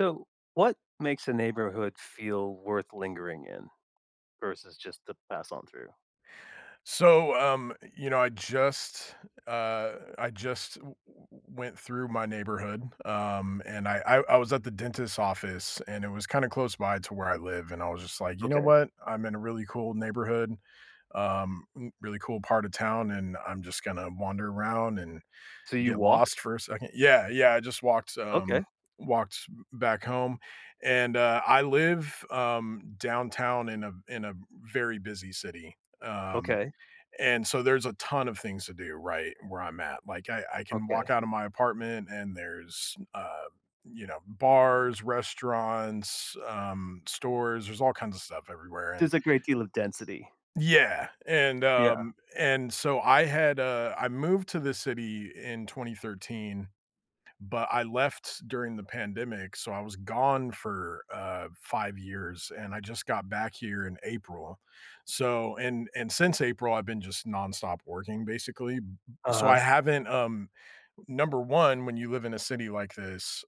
So, what makes a neighborhood feel worth lingering in, versus just to pass on through? So, um, you know, I just uh, I just w w went through my neighborhood, um, and I I I was at the dentist's office, and it was, kinda, close by to where I live, and I was just like, "You know Okay. what, I'm in a really cool neighborhood, um, really cool part of town, and I'm just gonna wander around and, So, you get lost walked? for a second" Yeah, yeah, I just walked Okay. um, walked back home, and, uh, I live, um, downtown in a in a, very busy city, um, Okay. and, so, there's a ton of things to do, right, where I'm at, like, I I can walk Okay. out of my apartment, and there's, uh, you know, bars, restaurants, um, stores, there's all kinds of stuff everywhere, and There's a great deal of density. Yeah, and Yeah. um, and, so, I had, uh I moved to the city in 2013, but, I left during the pandemic, so, I was gone for, uh, 5 years, and I just got back here in April, so and and since April, I've been just nonstop working, basically, b b so, I Uh-huh. haven't um, number 1, when you live in a city like this,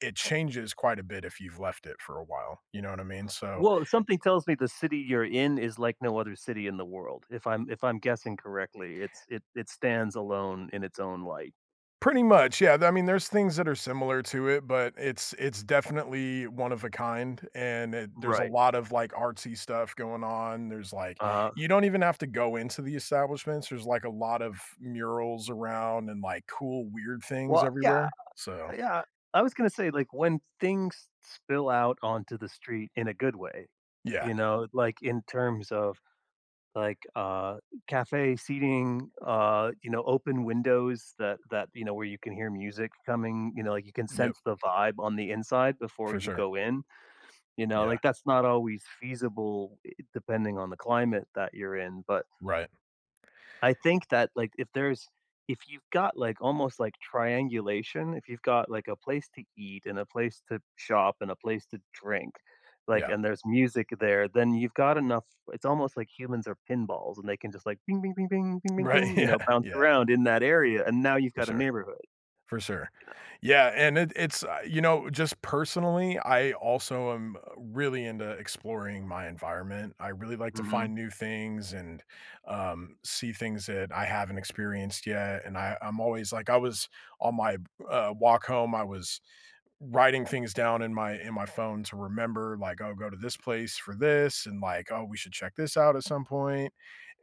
it changes quite a bit if you've left it for a while, you know what I mean, so Well, something tells me the city you're in, is like no other city in the world, if I'm if I'm guessing correctly, it's it it stands alone in its own light. Pretty much, yeah, th I mean, there's things that are similar to it, but it's it's definitely one-of-a-kind, and it there's a Right. lot of, like, artsy stuff going on, there's like Uh-huh. you don't even have to go into the establishments, there's, like, a lot of murals around and, like, cool weird things Well, yeah, everywhere, so yeah, I was gonna say, like, when things s spill out onto the street in a good way, Yeah. you know, like, in terms of, like, uh, cafe seating, uh, you know, open windows that that, you know, where you can hear music coming you know, like, you can Yep. sense the vibe on the inside before For you sure. go in, you know, Yeah. like, that's not always feasible, i depending on the climate that you're in, but Right. I Y think that, like, if there's if you've got like almost, like, triangulation, if you've got, like, a place to eat, and a place to shop, and a place to drink, like, Yeah. and there's music there, then you've got enough it's almost like humans are pinballs, and they can just, "Ping ping ping ping, ping ping Right, ping." you know, yeah, bounce yeah. around in that area, and now you've For got a sure neighborhood, you for sure, know. yeah, and, it it's you know, just personally, I also, um, really into exploring my environment. I really like to Mhm. find new things, and, um, see things that I haven't experienced yet, and I I'm always like I was, on my, uh, walk home, I was, writing things down in my in my phone to remember, like, "I'll go to this place for this," and, like, "Oh, we should check this out at some point."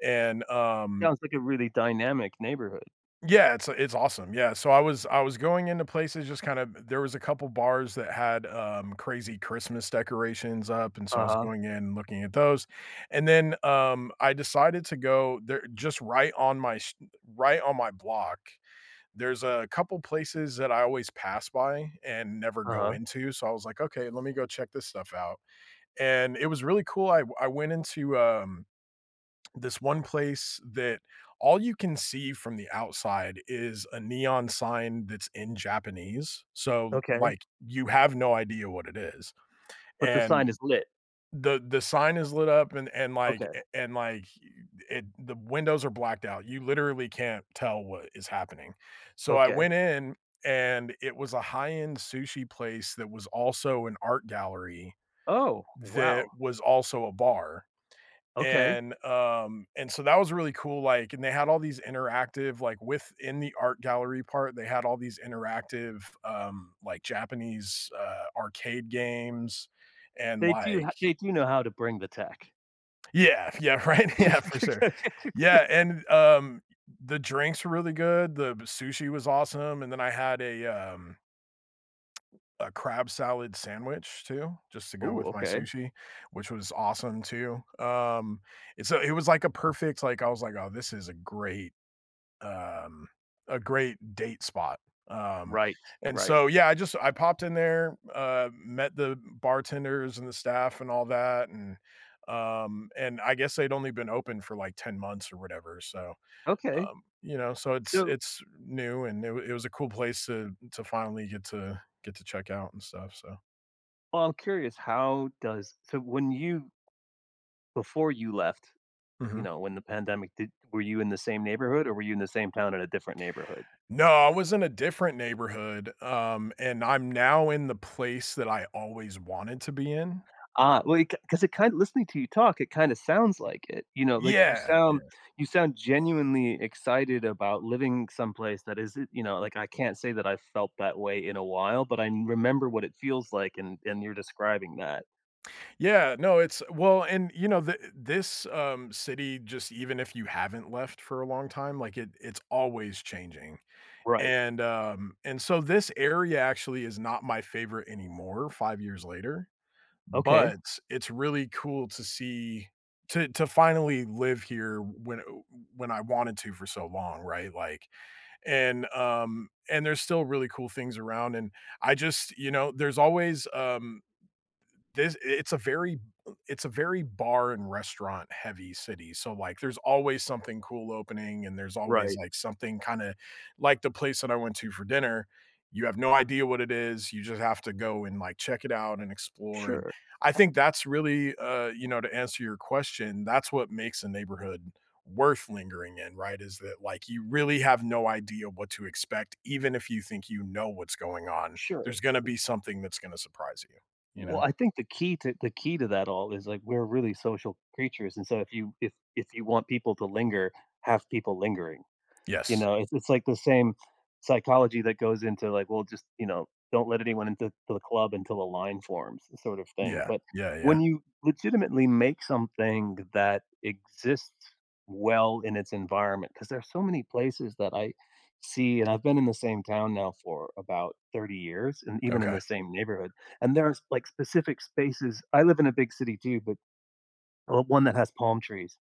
And, um Sounds like a really dynamic neighborhood. Yeah, it's it's awesome, yeah, so, I was I was going into places just kind of t there was a couple bars that had, um, crazy Christmas decorations up, and, so, I was Uh-huh. going in and looking at those, and then, um, I decided to go there just right on my s right on my block, there's a couple places that I always pass by, and never go Uh-huh. into, so, I was like, "Okay, let me go check this stuff out," and, it was really cool, I I went into, um, this one place that all you can see from the outside is a neon sign that's in Japanese, so, Okay. like, you have no idea what it is, But the sign and is lit? the the sign is lit up and and, like Okay. and, like, it the windows are blacked out, you literally can't tell what is happening, so, I Okay. went in, and it was a high-end sushi place that was also an art gallery, Oh, that wow. was also a bar, Okay. and, um, and, so, that was really cool, like, and they had all these interactive, like within the art gallery part, they had all these interactive, um, like, Japanese, uh, arcade games and, They do h like they do know how to bring the tech. Yeah, yeah, right, yeah, for sure, yeah, and, um the drinks were really good, the sushi was awesome, and then I had a, um a crab salad sandwich too, just to go Ooh, with my okay. sushi, which was awesome too, um, and, so, it was, like, a perfect like, I was like, "Oh, this is a great, um, a great date spot." Um, Right, and right. so yeah, I just I popped in there, uh, met the bartenders, and the staff, and all that, and, um, and I guess they'd only been open for, like, 10 months, or whatever so, Okay, um, you know, so it's so it's new, and it it was a cool place to to finally get to get to check out and stuff, so Well, I'm curious, how does so when you Before you left, you Mhm. know, when the pandemic did were you in the same neighborhood, or were you in the same town at a different neighborhood? No, I was in a different neighborhood, um, and I'm now in the place that I always wanted to be in. Ah, well, i c 'cause it kinda listening to you talk, it kinda sounds like it, you know, like, you Yeah, sound yeah. you sound genuinely excited about living someplace that isn't, you know, like I can't say that I felt that way in a while, but I remember what it feels like, and and you're describing that. Yeah, no, it's well and, you know, thi this, um, city, just even if you haven't left for a long time, like, it it's always changing. Right. And, um, and so this area actually is not my favorite anymore 5 years later Okay. but, it's really cool to see to to finally live here when, uh, uh, when I wanted to for so long, right? Like And, um, and there's still really cool things around, and I just you know, there's always, um, this it's a very it's a very bar and restaurant heavy city, so, like, there's always something cool opening, and there's always, Right. like, something kinda, like the place that I went to for dinner, you have no idea what it is, you just have to go and, like, check it out and explore, and Sure. I think that's really, uh, you know, to answer your question, that's what makes a neighborhood worth lingering in, right? Is that, like, you really have no idea what to expect even if you think you know what's going on, Sure. there's gonna be something that's gonna surprise you, you Well, know? I think the key to the key to that all is, like, we're really social creatures, and so if you if if you want people to linger, have people lingering, you Yes. know? It's it's like the same psychology that goes into, like, well just, you know, "Don't let anyone into into the club until a line forms" sort of thing. Yeah. But Yeah, yeah. when you legitimately make something that exists well in its environment 'cause there are so many places that I see, and I've been in the same town now for about 30 years and even in Okay. the same neighborhood. And there's, like, specific spaces I live in a big city too, but, well, one that has palm trees,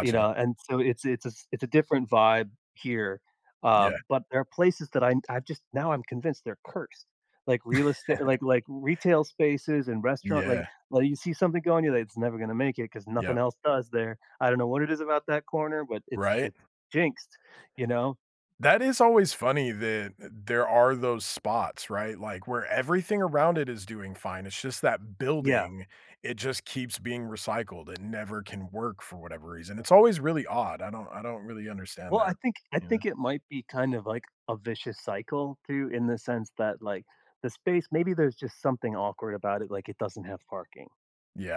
you know? And so it's it's a it's a different vibe here, uh, Yeah. but there are places that I'm I've just now I'm convinced they're cursed. Like, real estate like like, retail spaces and restaurant. Like Yeah. like, you see something going, you're like, "It's never gonna make it 'cause nothing Yep. else does there. I don't know what it is about that corner, but it's Right? it's jinxed," you know? That is always funny that th there are those spots, right? Like, where everything around it is doing fine, it's just that Yeah. building, it just keeps being recycled, It never can work for whatever reason. It's always really odd, I don't I don't really understand Well, I that. think I Yeah. think it might be kind of, like, a vicious cycle too, in the sense that, like, the space maybe there's just something awkward about it, like it doesn't have parking.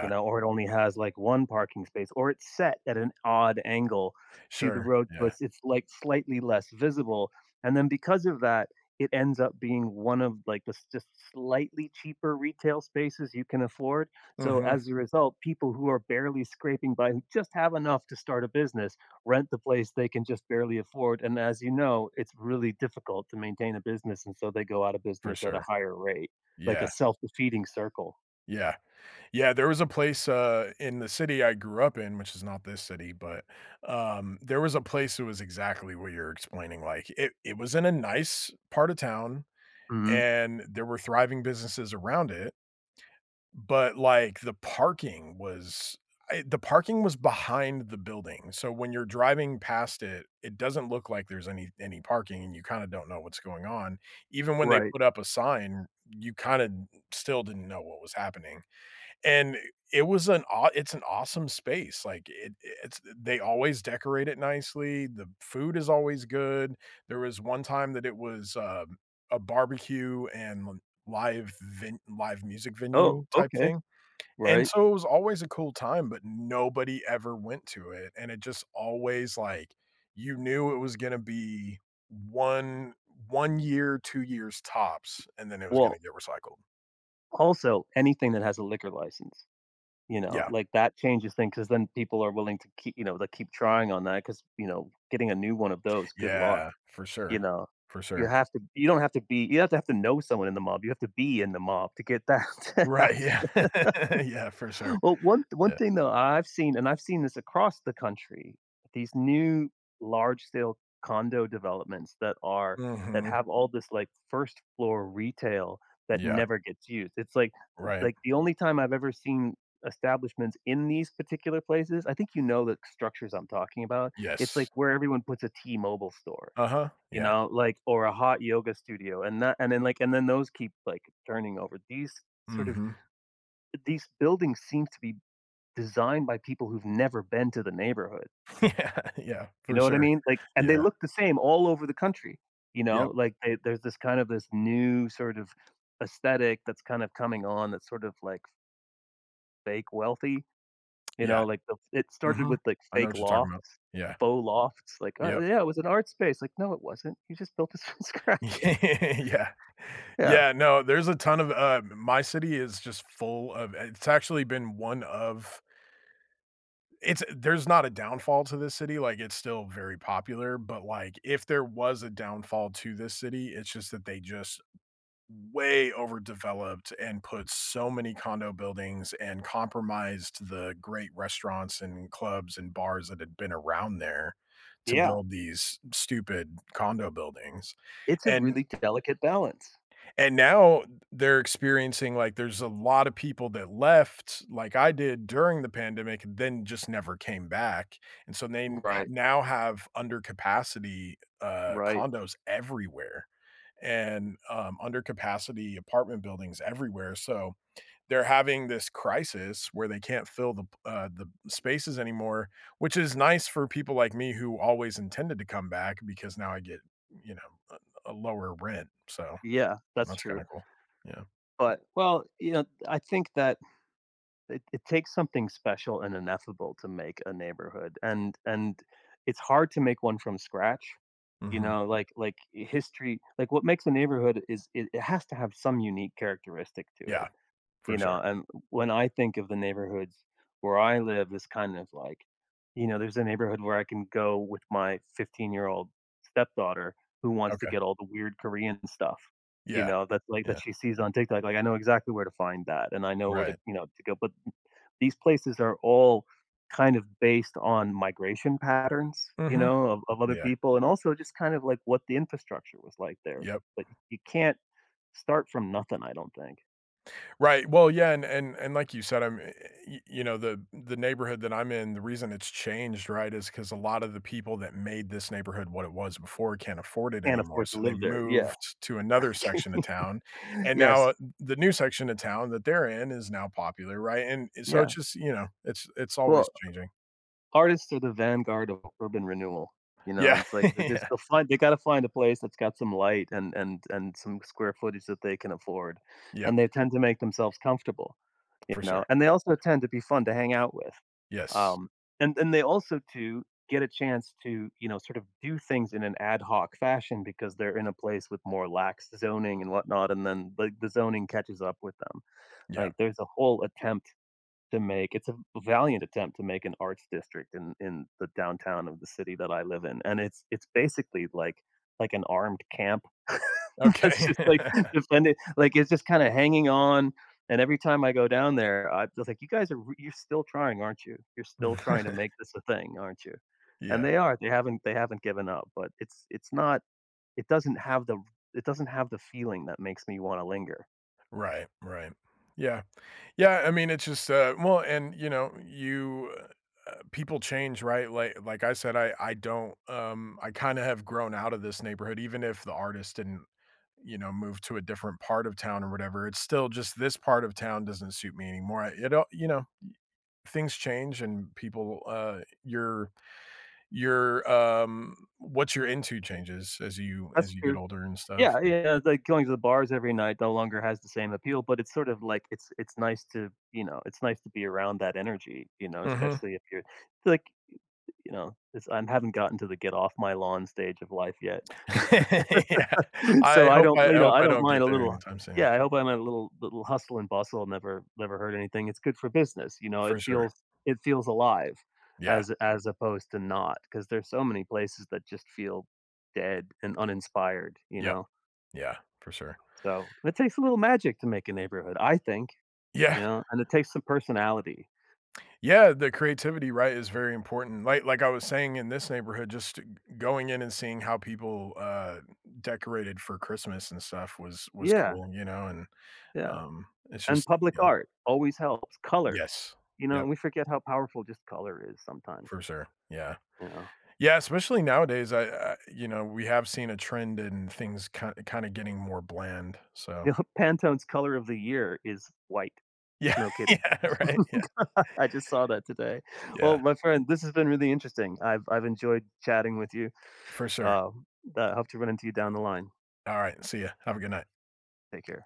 You know, or it only has, like, 1 parking space, or it's set at an odd angle to the Sure. road, Yeah. plus it's, like, slightly less visible, and then because of that, it ends up being one of, like, this just slightly cheaper retail spaces you can afford, so Mhm. as a result, people who are barely scraping by who just have enough to start a business, rent the place they can just barely afford, and as you know, it's really difficult to maintain a business, and so they go out of For business at a sure. higher rate, like a Yeah. self-defeating circle. Yeah. Yeah. There was a place, uh, in the city I grew up in, which is not this city, but, um, there was a place that was exactly where you're explaining, like, it it was in a nice part of town, Mhm. and there were thriving businesses around it but, like, the parking was I the parking was behind the building. So when you're driving past it, it doesn't look like there's any any parking, and you kinda don't know what's going on. Even when they Right. put up a sign, you kinda still didn't know what was happening. And it was an awe it's an awesome space. Like, it it's they always decorate it nicely. The food is always good. There was one time that it was, uh, a barbecue and live ven live music Oh, venue type okay. thing. And Right. so it was always a cool time, but nobody ever went to it. And it just always, like, you knew it was gonna be 1 1 year, 2 years tops, and then it was gonna Well get recycled. Also, anything that has a liquor license. You know? Yeah. Like, that changes things 'cause then people are willing to kee you know, they keep trying on that 'cause, you know, getting a new one of those Good luck, Yeah. For you sure. know? For You sure. have to you don't have to be you have to have to know someone in the mob. You have to be in the mob to get that to Right. happen. Yeah. Yeah. For sure. Well, one one Yeah. thing, though, I've seen, and I've seen this across the country, these new large-scale condo developments that are that Mhm. have all this, like, first floor retail that Yeah. never gets used. It's like Right. like, the only time I've ever seen establishments in these particular places, I think you know the structures I'm talking about- it's like Yes. where everyone puts a T-Mobile store, Uh-huh. you Yeah. know, like or a hot yoga studio. And that and then, like and then those keep, like, turning over. These sort of Mhm. these buildings seem to be designed by people who've never been to the neighborhood. Yeah. Yeah. You For know what I sure. mean? Like, and they Yeah. look the same all over the country. You know? Yep. Like, they there's this kind of this new sort of aesthetic that's kinda coming on that's sort of, like fake wealthy. You know? Yeah. Like, the it started Mhm. with, like, I know fake what you're talking about. lofts, Yeah. faux lofts. Like, "Oh, Yep. yeah. It was an art space." Like, "No. It wasn't. You just built this from scratch." Yeah. Yeah. Yeah. No. There's a ton of, uh my city is just full of it's actually been one of it's there's not a downfall to this city. Like, it's still very popular. But, like, if there was a downfall to this city, it's just that they just way overdeveloped and put so many condo buildings and compromised the great restaurants and clubs and bars that had been around there to Yeah. build these stupid condo buildings It's a and really delicate balance. and now th they're experiencing, like there's a lot of people that left like I did during the pandemic, then just never came back. And so they n Right. now have under-capacity, uh, Right. condos everywhere and, um, under-capacity apartment buildings everywhere. So they're having this crisis where they can't fill the p uh, the spaces anymore, which is nice for people like me who always intended to come back because now I get, you know, a a lower rent. So, Yeah. That's that's kinda true. cool. Yeah. But, well, you know, I think that it it takes something special and ineffable to make a neighborhood, and and it's hard to make one from scratch. You Mhm. know? Like like, history like, what makes a neighborhood is it it has to have some unique characteristic to it. Yeah. For You sure. know, and when I think of the neighborhoods where I live, it's kind of like, you know, there's a neighborhood where I can go with my 15 year old stepdaughter who wants to Okay. get all the weird Korean stuff, you Yeah. know, that, like, that Yeah. she sees on TikTok. Like, I know exactly where to find that, and I know where to, Right. you know, to go. But, these places are all kind of based on migration patterns, you Mhm. know, of of other Yeah. people, and also just kind of, like, what the infrastructure was like there. Yep. But y you can't start from nothing, I don't think. Right. Well yeah. And and and like you said, I'm eh y you know, the the neighborhood that I'm in, the reason it's changed, right, is ‘cause a lot of the people that made this neighborhood what it was before can't afford it Can't anymore. afford to So they live there. Yeah. moved to another Okay. section of town. And now, Yes. uh, th the new section of town that they're in is now popular, right? And and so it's Yeah. just you know, it's it's always Well changing. artists are the vanguard of urban renewal. You know? And Yeah. it's like, this Yeah. they'll find they gotta find a place that's got some light and and and some square footage that they can afford, Yep. and they tend to make themselves comfortable. You For know? sure. And they also tend to be fun to hang out with. Yes. Um. And and they also, too, get a chance to, you know, sort of do things in an ad hoc fashion because they're in a place with more lax zoning and whatnot, and then, like, the zoning catches up with them. Yeah. Like, there's a whole attempt to make it's a a valiant attempt to make an arts district in in the downtown of the city that I live in. And it's it's basically, like like an armed camp. It's Okay. just, like, defended like, it's just kinda hanging on. And every time I go down there, I feel like, "You guys are you're still trying, aren't you? You're V still trying to make this a thing, aren't you?" And Yeah. they are. They haven't they haven't given up, but it's it's not it doesn't have the it doesn't have the feeling that makes me wanna linger. Right. Right. Yeah. Yeah, I mean, it's just, uh well and, you know, you uh uh, people change, right? Li like I said, I I don't, um I kinda have grown out of this neighborhood even if the artists didn't, you know, move to a different part of town or whatever. It's still just this part of town doesn't suit me anymore. I you don't you know, y things change and people uh, your your, um what you're into changes as you That's as you get true. Yeah. older and stuff. Yeah, yeah, it's like, going to the bars every night no longer has the same appeal, but it's sort of like, it's it's nice to, you know, it's nice to be around that energy, you know, Mhm. especially if you're, like y you know, it's I haven't gotten to the, "Get off my lawn," stage of life yet. Yeah. I So, I hope don't I you know, hope I I don't don't get mind a there little anytime soon. Yeah, I don't mind a little little hustle and bustle never never hurt anything. It's good for business, you know? For It sure. feels it feels alive Yeah. as as opposed to not 'cause there's so many places that just feel dead and uninspired, you Yep. know? Yeah. For sure. So, it takes a little magic to make a neighborhood, I think, Yeah. you know? And it takes some personality. Yeah, the creativity, right, is very important. Like like I was saying in this neighborhood, just g going in and seeing how people, uh, decorated for Christmas and stuff was was Yeah. cool, you know and, Yeah, um, and it's and just i public Yeah. art always helps. Color, Yes. you know? Yep. And we forget how powerful just color is sometimes. For sure. Yeah. Yeah. Yeah, especially nowadays, I, uh, you know, we have seen a trend in things kind kinda getting more bland, so [unintelligible] Pantone's color of the year is white. Yeah, No kidding. yeah. Right? Yeah. I just saw that today. Yeah. Well, my friend, this has been really interesting. I've I've enjoyed chatting with you. For sure. Um, but I hope to run into you down the line. Alright, see ya. Have a good night. Take care.